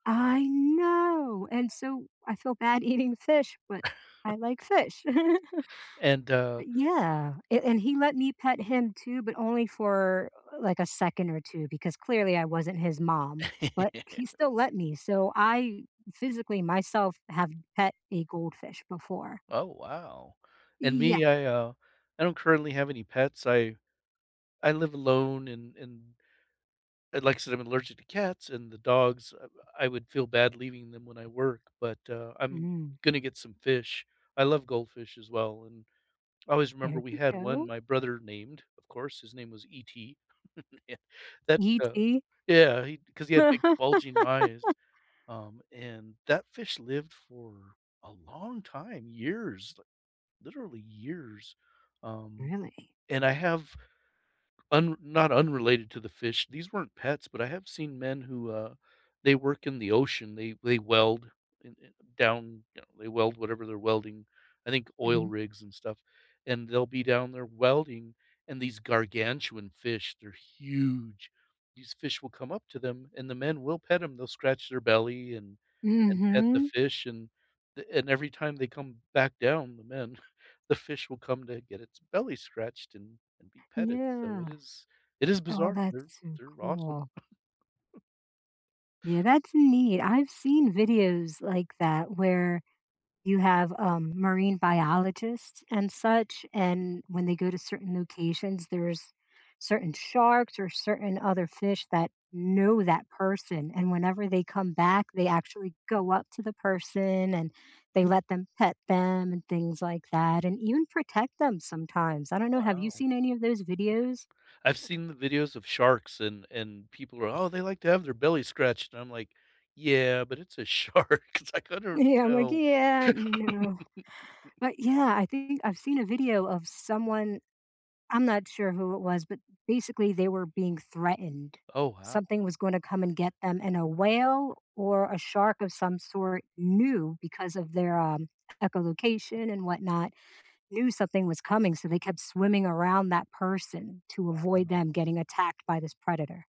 I know, and so I feel bad eating fish, but I like fish. And uh But yeah, and he let me pet him too, but only for uh like a second or 2, because clearly I wasn't his mom, but he still let me, so I physically myself have pet a goldfish before. Oh wow, and Yeah. me, I uh, I don't currently have any pets. I I live alone and and and like I said, I'm allergic to cats and the dogs, I I would feel bad leaving them when I work, but, uh, I'm Mm. gonna get some fish. I love goldfish as well and I always remember There we you had one go. my brother named, of course, his name was ET that, uh ET? yeah, he 'cause he had big bulging eyes, um, and that fish lived for a long time, years, literally years. Um, Really? and I have, un not unrelated to the fish, these weren't pets, but I have seen men who, uh, they work in the ocean, they they weld in in down, you know, they weld whatever they're welding, I think oil Mhm. rigs and stuff, and they'll be down there welding and these gargantuan fish, they're huge, these fish will come up to them and the men will pet them, they'll scratch their belly and and pet the Mhm. fish and and every time they come back down, the men, the fish will come to get its belly scratched and and be petted, so Yeah. it is it is Oh, bizarre, that's they're so they're awesome. cool. Yeah, that's neat. I've seen videos like that where you have a marine biologists and such, and when they go to certain locations, there's certain sharks or certain other fish that know that person, and whenever they come back, they actually go up to the person and they let them pet them and things like that, and even protect them sometimes. I don't know, have you Wow. seen any of those videos? I've seen the videos of sharks and and people are, "Oh, they like to have their belly scratched," and I'm like, "Yeah, but it's a shark," it's like I don't Yeah, I'm like know. "Yeah, no," but yeah, I think I've seen a video of someone, I'm not sure who it was, but basically they were being threatened. Oh, wow. Something was gonna come and get them, and a whale or a shark of some sort knew because of their, um, echolocation and whatnot, knew something was coming, so they kept swimming around that person to avoid Wow. them getting attacked by this predator.